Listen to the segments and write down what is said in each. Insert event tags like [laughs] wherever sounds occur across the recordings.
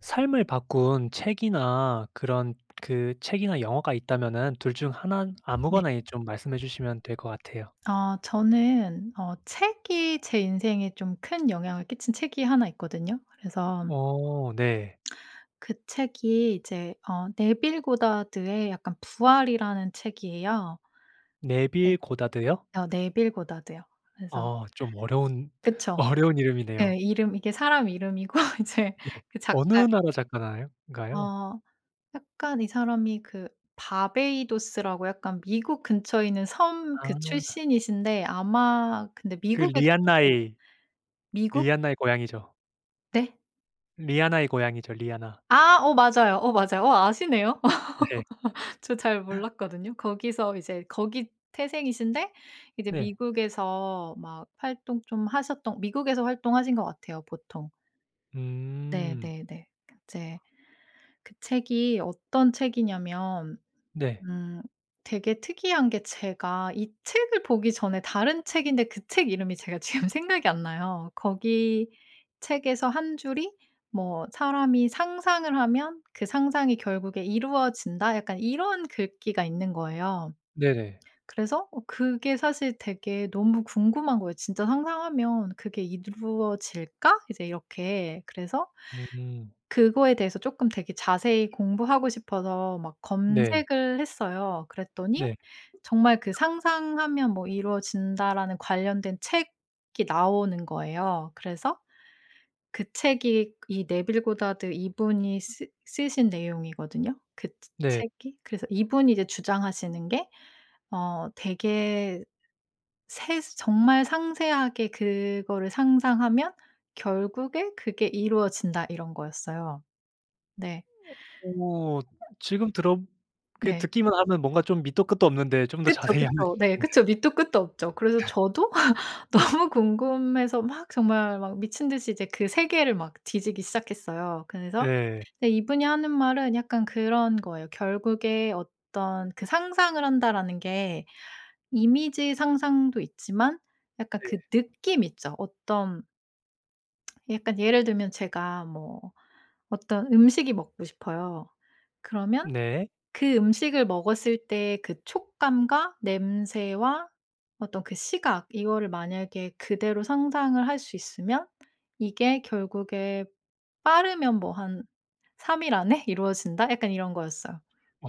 삶을 바꾼 책이나 그런 그 책이나 영화가 있다면은 2 중 1 네. 아무거나 예 좀 말씀해 주시면 될 것 같아요. 어 저는 어 책이 제 인생에 좀 큰 영향을 끼친 책이 1 있거든요. 그래서 어 네. 그 책이 이제 어 네빌 고다드의 약간 부활이라는 책이에요. 네. 네빌 고다드요? 어 네빌 고다드요. 그래서 어 좀 어려운 그쵸. 어려운 예 이름이네요. 이름 이게 사람 이름이고 이제 네. 그 어느 작가 나라 작가나요 인가요? 어 약간 이 사람이 그 바베이도스라고 약간 미국 근처에 있는 섬 그 아. 출신이신데 아마 근데 그 미국에 계셔서 리한나의 미국 리한나의 고향이죠. 네? 리하나의 고향이죠. 리하나. 아. 어 맞아요, 어 맞아요. 어 아시네요. 네. [laughs] 저 잘 몰랐거든요. 거기서 이제 거기 태생이신데 이제 네. 미국에서 막 활동 좀 하셨던 미국에서 활동하신 것 같아요 보통. 음. 네네네. 이제 그 책이 어떤 책이냐면 네. 음 되게 특이한 게 제가 이 책을 보기 전에 다른 책인데 그 책 이름이 제가 지금 생각이 안 나요. 거기 책에서 1 줄이 뭐 "사람이 상상을 하면 그 상상이 결국에 이루어진다." 약간 이런 글귀가 있는 거예요. 네네. 그래서 어 그게 사실 되게 너무 궁금한 거예요. '진짜 상상하면 그게 이루어질까?' 이제 이렇게 그래서 음. 그거에 대해서 쪼끔 되게 자세히 공부하고 싶어서 막 네. 검색을 했어요. 그랬더니 네. 정말 그 "상상하면 뭐 이루어진다."라는 관련된 책이 나오는 거예요. 그래서 그 책이 이 네빌 고다드 이분이 쓰 쓰신 내용이거든요. 그 네. 채 책이. 그래서 이분이 이제 주장하시는 게 어 되게 세스 "정말 상세하게 그거를 상상하면 결국에 그게 이루어진다." 이런 거였어요. 네. 오 지금 들어 그 네. 듣기만 하면 뭔가 좀 밑도 끝도 없는데 좀 더 그쵸, 자세히 알려주실 그쵸. 네 그쵸. 밑도 끝도 없죠. 그래서 [laughs] 저도 [laughs] 너무 궁금해서 막 정말 막 미친 듯이 이제 그 세계를 막 뒤지기 시작했어요. 그래서 네. 예 이분이 하는 말은 약간 그런 거예요. 결국에 어떤 그 "상상을 한다."라는 게 이미지 상상도 있지만 약간 그 네. 느낌 있죠 어떤 [smacks lips] 약간 예를 들면 제가 뭐 어떤 음식이 먹고 싶어요. 그러면 네. 그 음식을 먹었을 때 그 촉감과 냄새와 어떤 그 시각, 이거를 만약에 그대로 상상을 할 수 있으면 "이게 결국에 빠르면 뭐 한 3 일 안에 이루어진다." 약간 이런 거였어요. 오.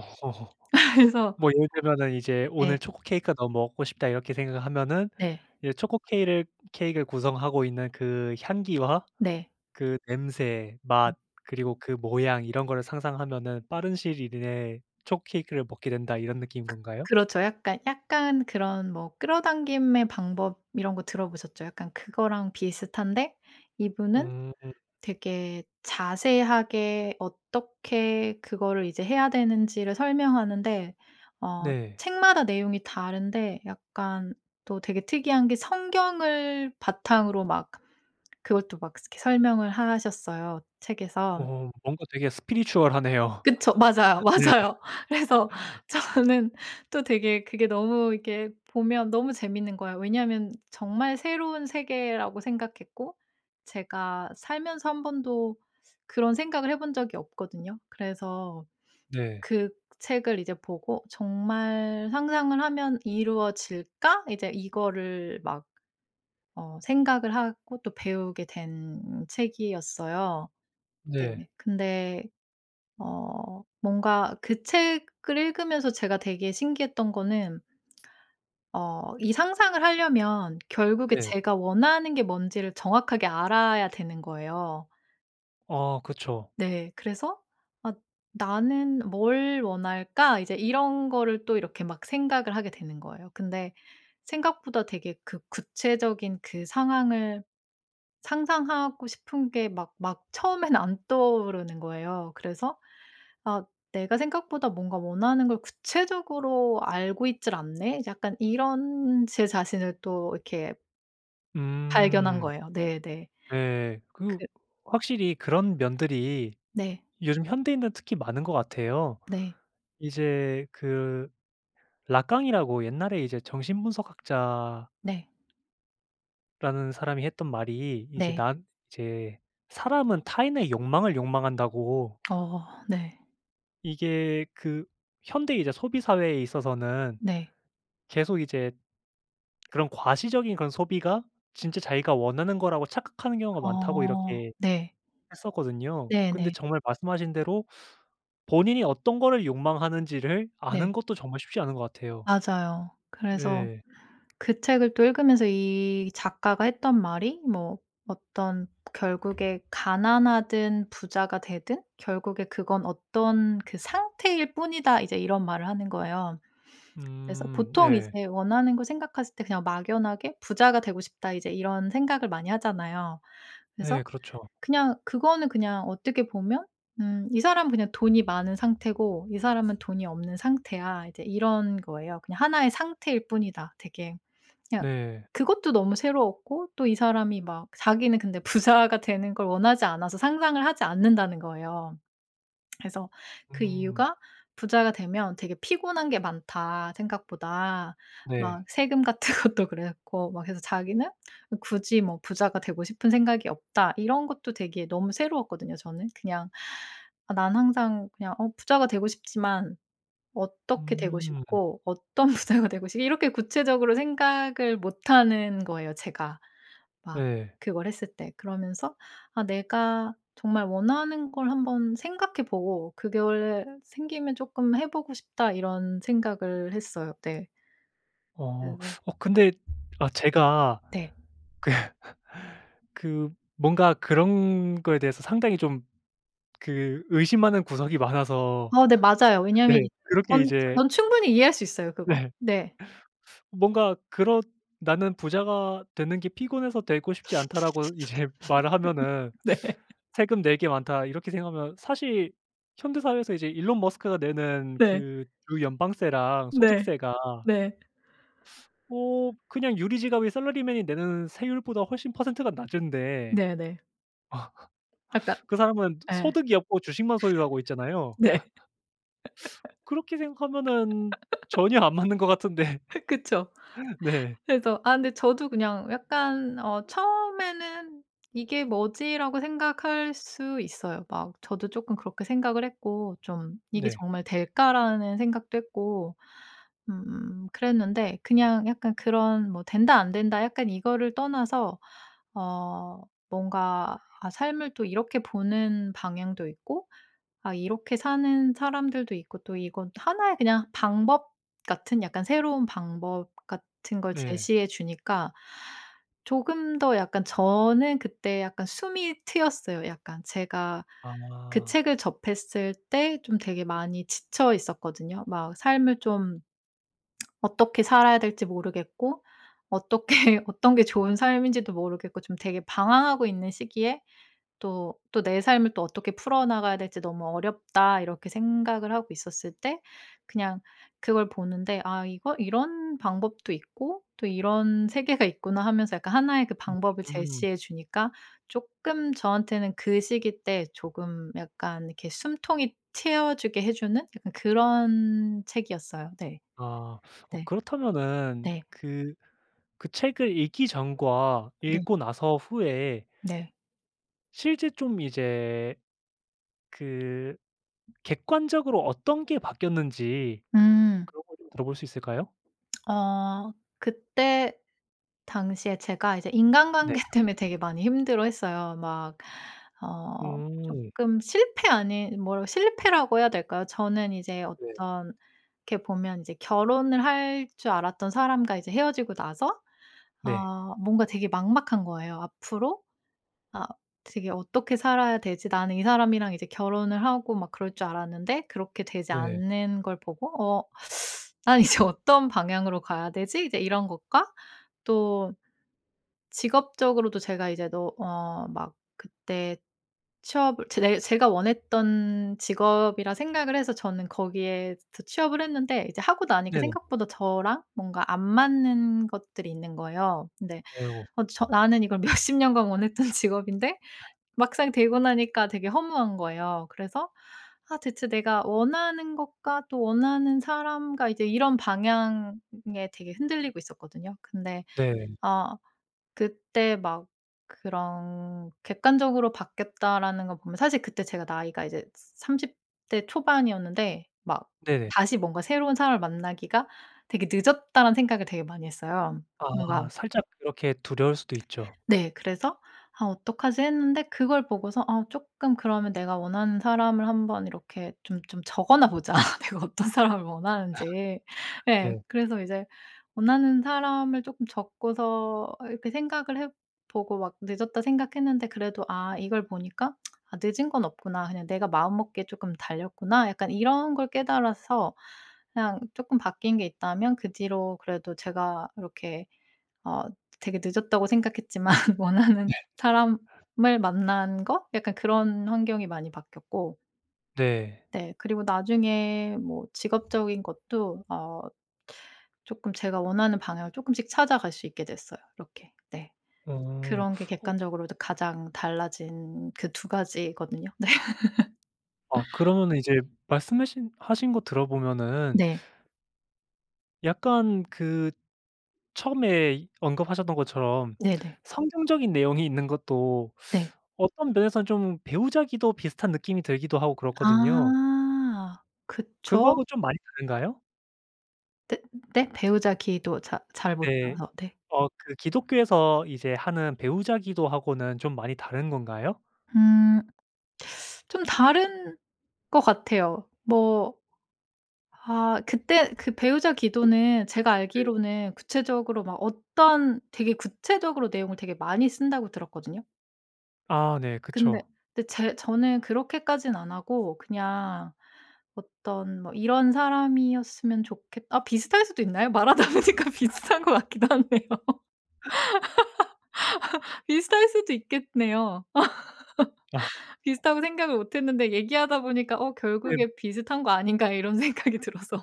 [laughs] [laughs] 그래서 뭐 예를 들면은 이제 '오늘 네. 초코 케이크가 너무 먹고 싶다.' 이렇게 생각하면은 네. 이제 초코 케일을 케익을 구성하고 있는 그 향기와 네. 그 냄새, 네. 맛 그리고 그 모양 이런 걸 상상하면은 빠른 시일 이내에 초코 케이크를 먹게 된다 이런 느낌인 그 건가요? 그렇죠. 약간 약간 그런 뭐 끌어당김의 방법 이런 거 들어보셨죠. 약간 그거랑 비슷한데 이분은 음. 되게 자세하게 어떻게 그거를 이제 해야 되는 지를 설명하는데 어 네. 책마다 내용이 다른데 약간 또 되게 특이한 게 성경을 바탕으로 막 그걸 또 막 스 설명을 하셨어요 책에서. 어 뭔가 되게 spiritual 하네요. 그쵸. 맞아요, [laughs] 네. 맞아요. 그래서 저는 또 되게 그게 너무 이렇게 보면 너무 재밌는 거예요. 왜냐면 정말 새로운 세계라고 생각했고 제가 살면서 1 번도 그런 생각을 해 본 적이 없거든요. 그래서 네. 그 책을 이제 보고 '정말 상상을 하면 이루어질까?' 이제 이거를 막 어 생각을 하고 또 배우게 된 책이었어요. 네. 네. 근데 어 뭔가 그 책을 읽으면서 제가 되게 신기했던 거는 어 이 상상을 하려면 결국에 네. 제가 원하는 게 뭔 지를 정확하게 알아야 되는 거예요. 어 그쵸. 네. 그래서 '아 나는 뭘 원할까?' 이제 이런 거를 또 이렇게 막 생각을 하게 되는 거예요. 근데 생각보다 되게 그 구체적인 그 상황을 상상하고 싶은 게 막 막 처음엔 안 떠오르는 거예요. 그래서 '아 내가 생각보다 뭔가 원하는 걸 구체적으로 알고 있지를 않네?' 약간 이런 제 자신을 또 이렇게 발견한 음. 거예요. 네네. 네. 그 그 확실히 그런 면들이 네. 요즘 현대인들은 특히 많은 것 같아요. 네. 이제 그 라깡이라고 옛날에 이제 정신분석학자 네. 라는 사람이 했던 말이 이제 네. 난 이제 "사람은 타인의 욕망을 욕망한다"고. 어 네. 이게 그 현대 이제 소비 사회에 있어서는 네. 계속 이제 그런 "과시적인 그런 소비가 진짜 자기가 원하는 거라고 착각하는 경우가 많다."고 어 이렇게 네. 했었거든요. 근데 네네. 정말 말씀하신 대로 본인이 어떤 거를 욕망하는 지를 네. 아는 것도 정말 쉽지 않은 것 같아요. 맞아요. 그래서 네. 그 책을 또 읽으면서 이 작가가 했던 말이 뭐 "어떤 결국에 가난하든 부자가 되든 결국에 그건 어떤 그 상태일 뿐이다." 이제 이런 말을 하는 거예요. 그래서 음 보통 네. 이제 원하는 걸 생각했을 때 '그냥 막연하게 부자가 되고 싶다.' 이제 이런 생각을 많이 하잖아요. 그래서 네 그렇죠. 그냥 그거는 그냥 어떻게 보면 음 "이 사람은 그냥 돈이 많은 상태고 이 사람은 돈이 없는 상태야." 이제 이런 거예요. "그냥 1 의 상태일 뿐이다 되게" 그냥 네. 그것도 너무 새로웠고 또 이 사람이 막 자기는 근데 "부자가 되는 걸 원하지 않아서 상상을 하지 않는다."는 거예요. [smacks lips] 그래서 그 음. 이유가 "부자가 되면 되게 피곤한 게 많다 생각보다. 네. 막 세금 같은 것도 그렇고." 막 해서 자기는 "굳이 뭐 부자가 되고 싶은 생각이 없다." 이런 것도 되게 너무 새로웠거든요 저는. 그냥 '아 난 항상 그냥 어 부자가 되고 싶지만 어떻게 되고 음. 싶고 어떤 부자가 되고 싶' 이렇게 구체적으로 생각을 못 하는 거예요 제가. 막 네. 그걸 했을 때. 그러면서 '아 내가 정말 원하는 걸 한번 생각해 보고 그게 원래 생기면 쪼끔 해 보고 싶다.' 이런 생각을 했어요. 네. 어. 그래서 어 근데 아 제가 네. 그 그 뭔가 그런 거에 대해서 상당히 좀 그 의심하는 구석이 많아서 어 네 맞아요. [laughs] 왜냐하면 네. 이 그렇게 전 이제 전 충분히 이해할 수 있어요 그거. 네. 네. 뭔가 그렇 "나는 부자가 되는 게 피곤해서 되고 싶지 않다."라고 이제 말을 하면은 [laughs] 네. '세금 낼 게 많다.' 이렇게 생각하면 사실 현대 사회에서 이제 일론 머스크가 내는 네. 그 주 연방세랑 네. 소득세가 네. 어 그냥 유리 지갑이 샐러리맨이 내는 세율보다 훨씬 퍼센트가 낮은데 네네. 약간 [laughs] 그 사람은 예. 소득이 없고 주식만 소유하고 [laughs] 있잖아요. 네. [laughs] [sucks teeth] 그렇게 생각하면은 [laughs] 전혀 안 맞는 것 같은데 그쵸. [laughs] 네. 그래서 아 근데 저도 그냥 약간 어 처음에는 '이게 뭐지?'라고 생각할 수 있어요. 막 저도 쪼끔 그렇게 생각을 했고 좀 '이게 네. 정말 될까?'라는 생각도 했고 음 그랬는데 그냥 약간 그런 뭐 된다 안된다 약간 이거를 떠나서 어 뭔가 아 삶을 또 이렇게 보는 방향도 있고 아 이렇게 사는 사람들도 있고 또 이건 또 1 의 그냥 방법 같은 약간 새로운 방법 같은 걸 네. 제시해 주니까 조금 더 약간 저는 그때 약간 숨이 트였어요 약간. 제가 그 아. 책을 접했을 때 좀 되게 많이 지쳐 있었거든요. 막 삶을 좀 [smacks lips] 어떻게 살아야 될지 모르겠고 어떻게 어떤 게 좋은 삶인지도 모르겠고 좀 되게 방황하고 있는 시기에 또 또 '내 삶을 또 어떻게 풀어나가야 될지 너무 어렵다.' 이렇게 생각을 하고 있었을 때 그냥 그걸 보는데 '아 이거 이런 방법도 있고 또 이런 세계가 있구나.' 하면서 약간 1 의 그 방법을 음. 제시해 주니까 쪼끔 저한테는 그 시기 때 조금 약간 이렇게 숨통이 트여주게 해주는 약간 그런 책이었어요. 네. 아. 어 네. 그렇다면은 네. 그 그 책을 읽기 전과 네. 읽고 나서 후에 네. 실제 좀 이제 그 객관적으로 어떤 게 바뀌었는지 음. 그런 걸 좀 들어 볼 수 있을까요? [smacks lips] 어 그때 당시에 제가 이제 네. 인간관계 때문에 되게 많이 힘들어했어요. 막 어 음. 쪼끔 실패 아닌 뭐라 실패라고 해야 될까요? 저는 이제 네. 어떤 이렇게 보면 이제 결혼을 할 줄 알았던 사람과 이제 헤어지고 나서 네. 아 뭔가 되게 막막한 거예요. 앞으로 아 되게 '어떻게 살아야 되지?' 나는 이 사람이랑 이제 결혼을 하고 막 그럴 줄 알았는데 그렇게 되지 네. 않는 걸 보고 어 [sucks teeth] '난 이제 어떤 방향으로 가야 되지?' 이제 이런 것과 또 직업적으로도 제가 이제 너 어 막 그때 취업을 제대 제가 원했던 직업이라 생각을 해서 저는 거기에서 취업을 했는데 이제 하고 나니까 네네. 생각보다 저랑 뭔가 안 맞는 것들이 있는 거예요. 근데 아유. 어 저 나는 이걸 몇십 년간 원했던 직업인데 막상 되고 나니까 되게 허무한 거예요. 그래서 아 대체 내가 원하는 것과 또 원하는 사람과 이제 이런 방향에 되게 흔들리고 있었거든요. 근데 네. 아 그때 막 그런 객관적으로 바뀌었다라는 거 보면 사실 그때 제가 나이가 이제 30 대 초반이었는데 막 네. 다시 뭔가 '새로운 사람을 만나기가 되게 늦었다.'라는 생각을 되게 많이 했어요. 뭔가 아 살짝 이렇게 두려울 수도 있죠. [smacks lips] 네. 그래서 '아 어떡하지?' 했는데 그걸 보고서 '아 쪼끔 그러면 내가 원하는 사람을 한번 이렇게 좀 좀 적어나 보자. 내가 어떤 사람을 원하는지.' [laughs] 예. 네. 그래서 이제 원하는 사람을 쪼끔 적고서 이렇게 생각을 해 보고 막 '늦었다.' 생각했는데 그래도 아 이걸 보니까 [smacks lips] '아 늦은 건 없구나. 그냥 내가 마음먹기에 쪼끔 달렸구나.' 약간 이런 걸 깨달아서 그냥 쪼끔 바뀐 게 있다면 그 뒤로 그래도 제가 이렇게 어 '되게 늦었다.'고 생각했지만 네. 원하는 사람을 만난 거? 약간 그런 환경이 많이 바뀌었고 네. 네. 그리고 나중에 뭐 직업적인 것도 어 쪼끔 제가 원하는 방향을 쪼끔씩 찾아갈 수 있게 됐어요 이렇게. 네. 어. 그런 게 어 객관적으로도 가장 달라진 그 2 가지거든요. 네. [laughs] 아 그러면은 이제 말씀 하신 하신 거 들어보면은 네. 약간 그 처음에 언급하셨던 것처럼 네네. 성경적인 내용이 있는 것도 네. 어떤 면에서는 좀 배우자 기도 비슷한 느낌이 들기도 하고 그렇거든요. 아 그거 그쵸. 하고 좀 많이 다른가요? 네 네? 배우자 기도 잘 잘 네. 못해서 네. 어 그 기독교에서 이제 하는 배우자 기도 하고는 좀 많이 다른 건가요? 음. [sucks teeth] 좀 다른 것 같아요. 뭐 아 그때 그 배우자 기도는 제가 네. 알기로는 구체적으로 막 어떤 "되게 구체적으로 내용을 되게 많이 쓴다."고 들었거든요. 아 네. 근데 그쵸. 데 제 저는 그렇게까진 안 하고 그냥 어떤 뭐 '이런 사람이었으면 좋겠' 어 비슷할 수도 있나요? 말하다 보니까 비슷한 것 같기도 하네요. [laughs] 비슷할 수도 있겠네요. 아. [laughs] 비슷하고 생각을 못했는데 얘기하다 보니까 '어 넴. 결국에 비슷한 거 아닌가?' 이런 생각이 들어서.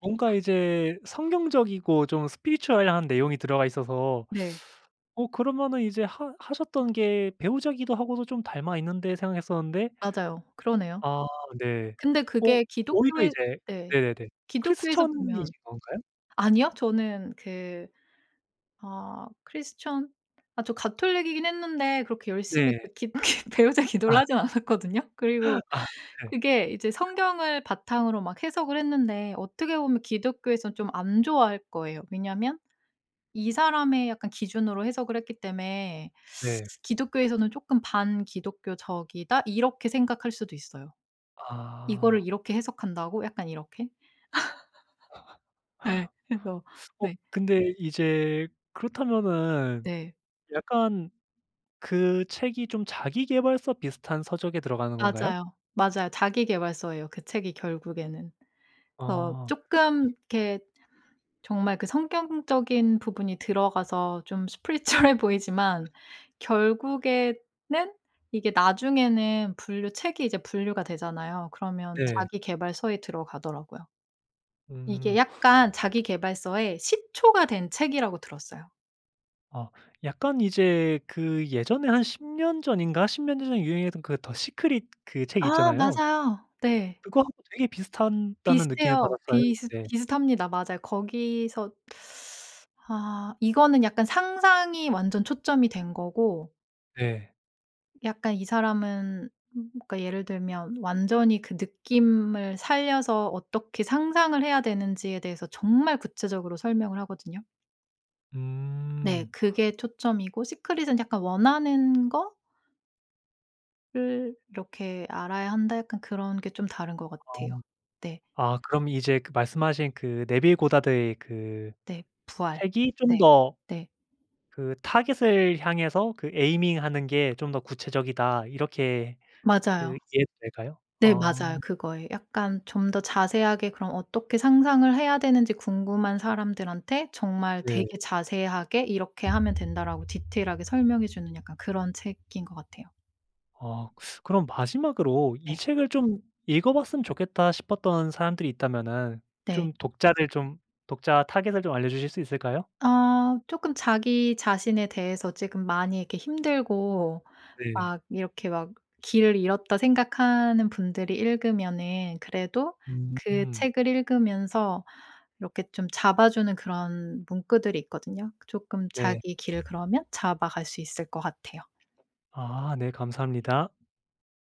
뭔가 이제 성경적이고 좀 spiritual한 내용이 들어가 있어서 네. [sucks teeth] '어 그러면은 이제 하 하셨던 게 배우자 기도 하고도 좀 닮아 있는데.' 생각했었는데 맞아요. 그러네요. 아 네. 근데 어 그게 오히려 기독교에 이제 네. 네네네. 기독교에서 보면 크리스천이신건가요? 아니요. 저는 그 아 크리스천 아 저 가톨릭이긴 했는데 그렇게 열심히 그 네. 기 그 배우자 기도를 아. 하진 않았거든요. 그리고 아 네. 그게 이제 성경을 바탕으로 막 해석을 했는데 어떻게 보면 기독교에선 좀 안 좋아할 거예요. 왜냐하면 이 사람의 약간 기준으로 해석을 했기 때문에 네. [sucks teeth] 기독교에서는 쪼끔 '반기독교적이다.' 이렇게 생각할 수도 있어요. '이거를 아. 이렇게 해석한다고?' 약간 이렇게? [laughs] 예. [laughs] 그래서 [sucks teeth] 어 네. 근데 이제 그렇다면은 네. 약간 그 책이 좀 자기계발서 비슷한 서적에 들어가는 건가요? 맞아요. 맞아요. 자기계발서예요 그 책이 결국에는. 어 어. 예. 쪼끔 이렇게 정말 그 성경적인 부분이 들어가서 좀 spiritual해 보이지만 결국에는 이게 나중에는 분류 책이 이제 분류가 되잖아요? 그러면 네. 자기계발서에 들어가더라고요. 이게 음. 약간 자기계발서의 시초가 된 책이라고 들었어요. 어. 약간 이제 그 예전에 한 10 년 전인가 10 몇 년 전에 유행했던 그 더 시크릿 그 책 아. 있잖아요. 맞아요. 네. 그거 하고 되게 비슷한다는 느낌을 비슷해요. 받았어요. 비슷 네. 비슷합니다. 맞아요. 거기서 [sucks teeth] 아 이거는 약간 상상이 완전 초점이 된 거고 네. 약간 이 사람은 그러니까 예를 들면 완전히 그 느낌을 살려서 어떻게 상상을 해야 되는지에 대해서 정말 구체적으로 설명을 하거든요. 네. 음. 그게 초점이고 시크릿은 약간 "원하는 거" "를 이렇게 알아야 한다." 약간 그런 게 좀 다른 것 같아요. 어. 네. 아 그럼 이제 그 말씀하신 그 네빌 고다드의 그 네. 부활. 책이 좀 네. 더 네. 그 '타겟을 향해서 그 aiming하는 게 좀 더 구체적이다.' 이렇게 그 맞아요. 이해해도 될까요? 네 어. 맞아요. 그거예요. 약간 좀 더 자세하게 그럼 어떻게 상상을 해야 되는지 궁금한 사람들한테 정말 예. 되게 자세하게 "이렇게 하면 된다."라고 디테일하게 설명해 주는 약간 그런 책인 것 같아요. 아. [sucks teeth] 그럼 마지막으로 '이 네. 책을 좀 읽어 봤으면 좋겠다.' 싶었던 사람들이 있다면은 네. 좀 독자들 좀 독자 타겟을 좀 알려주실 수 있을까요? 아. 쪼끔 자기 자신에 대해서 지금 많이 이렇게 힘들고 네. 막 이렇게 막 '길을 잃었다.' 생각하는 분들이 읽으면은 그래도 그 음. 책을 읽으면서 이렇게 좀 잡아주는 그런 문구들이 있거든요. 조끔 네. 자기 길을 그러면 잡아갈 수 있을 것 같아요 아. 네. 감사합니다.